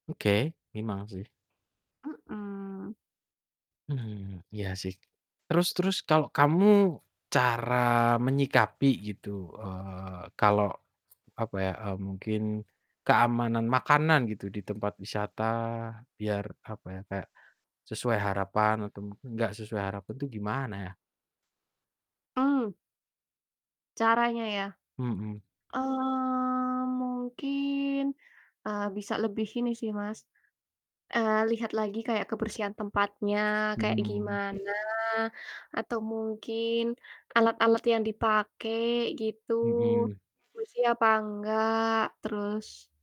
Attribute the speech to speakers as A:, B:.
A: Oke, emang sih.
B: Mhm.
A: Mmm, iya sih. Terus terus kalau kamu cara menyikapi gitu, eee, kalau, apa ya, eee, mungkin keamanan makanan gitu di tempat wisata biar, apa ya, kayak sesuai harapan atau mungkin enggak sesuai harapan tuh gimana ya?
B: Mmm. Caranya ya?
A: Mhm.
B: Eee, mungkin eee, bisa lebih ini sih, Mas, eee, lihat lagi kayak kebersihan tempatnya kayak
A: Mmm.
B: gimana atau mungkin alat-alat yang dipake gitu
A: Mhm.
B: bersih apa engga, terus